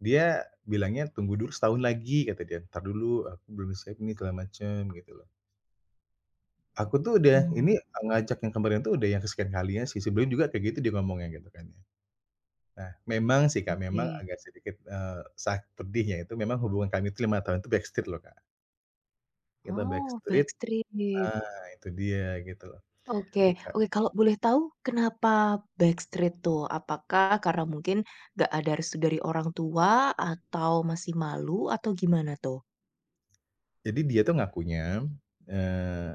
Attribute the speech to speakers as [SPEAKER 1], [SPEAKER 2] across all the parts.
[SPEAKER 1] Dia bilangnya, "Tunggu dulu setahun lagi," kata dia, "entar dulu, aku belum siap nih segala macem." Gitu loh. Aku tuh udah
[SPEAKER 2] Oh.
[SPEAKER 1] ini, eee, ngajak yang kemarin tuh udah yang kesekian kalinya sih. Sebelum juga kayak gitu, dia ngomongnya gitu kan ya. Nah memang sih, Kak, memang
[SPEAKER 2] Oke.
[SPEAKER 1] agak sedikit, eee, sa pedihnya itu memang hubungan kami itu 5 tahun tuh backstreet loh, Kak. Kita
[SPEAKER 2] Oh,
[SPEAKER 1] backstreet
[SPEAKER 2] backstreet.
[SPEAKER 1] nah, itu dia gitu loh.
[SPEAKER 2] Oke
[SPEAKER 1] E
[SPEAKER 2] oke. Kalau boleh tahu kenapa backstreet tuh? Apakah karena mungkin enggak ada restu dari orang tua? Atau masih malu? Atau gimana tuh?
[SPEAKER 1] Jadi dia tuh ngakunya, eee,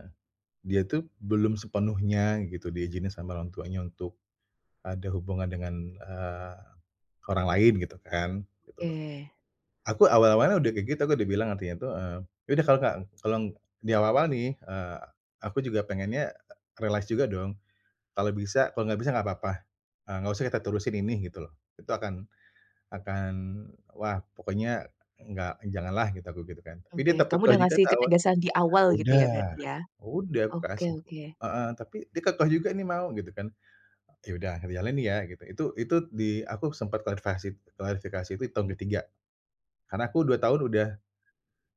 [SPEAKER 1] dia tuh belum sepenuhnya gitu di izinin sama orang tuanya untuk ada hubungan dengan, eee, orang lain gitu kan, gitu loh.
[SPEAKER 2] Oke.
[SPEAKER 1] Aku awal-awalnya udah kayak gitu, aku udah bilang artinya tuh, eee, "Iya udah kalau enggak, eee, kalau eng" di awal-awal nih, eee, aku juga pengennya, realize juga dong, "Kalau bisa, kalau enggak bisa enggak apa-apa, eee, enggak usah kita terusin ini," Gitu loh. "itu akan akan" wah pokoknya, "enggak eng janganlah gitu." Aku gitu kan, tapi dia
[SPEAKER 2] Oke.
[SPEAKER 1] tetep
[SPEAKER 2] Kamu
[SPEAKER 1] kekeh
[SPEAKER 2] udah
[SPEAKER 1] juga
[SPEAKER 2] ngasih
[SPEAKER 1] tahu
[SPEAKER 2] ketegasan di awal gitu ya berarti
[SPEAKER 1] udah,
[SPEAKER 2] ya?
[SPEAKER 1] udah aku
[SPEAKER 2] Oke
[SPEAKER 1] kasih
[SPEAKER 2] oke.
[SPEAKER 1] heeh, tapi dia kekeh juga nih mau gitu kan. "Iya udah sambil jalan nih ya." Gitu, itu itu di aku sempat klarfikasi d klarifikasi itu di tahun ke-3 karena aku 2 tahun udah,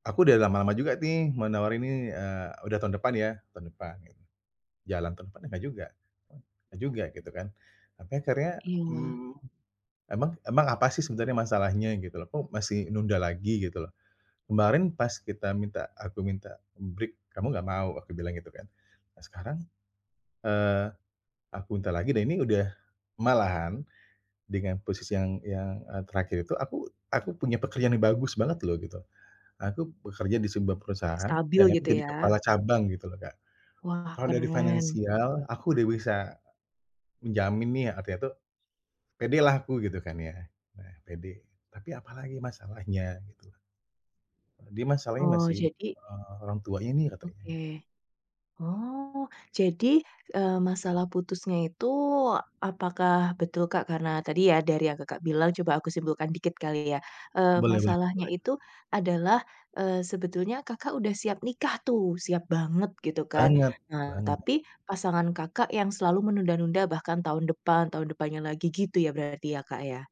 [SPEAKER 1] "Aku udah lama-lama juga nih, mau nawarin ini nih, eee, udah tahun depan ya, tahun depan." Gitu. Jalan tahun depannya enggak juga enggak juga gitu kan. Sampai akhirnya,
[SPEAKER 2] Iya.
[SPEAKER 1] mmm, "Emang emang apa sih sebenarnya masalahnya? Gitu loh. Kok masih nunda lagi? Gitu loh. Kemarin pas kita minta aku minta break, kamu enggak mau," aku bilang gitu kan. Nah sekarang, eee, aku minta lagi dan ini udah malahan dengan posisi yang yang, eee, terakhir itu aku aku punya pekerjaan yang bagus banget loh gitu. Aku bekerja di sebuah perusahaan
[SPEAKER 2] Stabil
[SPEAKER 1] dan aku
[SPEAKER 2] gitu
[SPEAKER 1] jadi
[SPEAKER 2] ya?
[SPEAKER 1] kepala cabang gitu loh, Kak.
[SPEAKER 2] Wah,
[SPEAKER 1] Kalau dari
[SPEAKER 2] keren.
[SPEAKER 1] finansial aku udah bisa menjamin nih, artinya tuh pedelah aku gitu kan ya, nah pede, tapi apa lagi masalahnya, gitu loh. Dia masalahnya
[SPEAKER 2] Oh,
[SPEAKER 1] masih,
[SPEAKER 2] jadi
[SPEAKER 1] eee, "Orang tuanya ni," katanya
[SPEAKER 2] Oke.
[SPEAKER 1] gitu.
[SPEAKER 2] Oh, jadi, eee, masalah putusnya itu apakah betul, Kak, karena tadi ya, dari yang Kakak bilang, coba aku simpulkan dikit kali ya, eee,
[SPEAKER 1] Boleh boleh
[SPEAKER 2] masalahnya
[SPEAKER 1] boleh.
[SPEAKER 2] itu adalah, eee, sebetulnya Kakak udah siap nikah tuh, siap banget gitu kan,
[SPEAKER 1] Banget
[SPEAKER 2] nah,
[SPEAKER 1] banget.
[SPEAKER 2] tapi pasangan Kakak yang selalu menunda-nunda bahkan tahun depan, tahun depannya lagi gitu ya berarti ya, Kak, ya?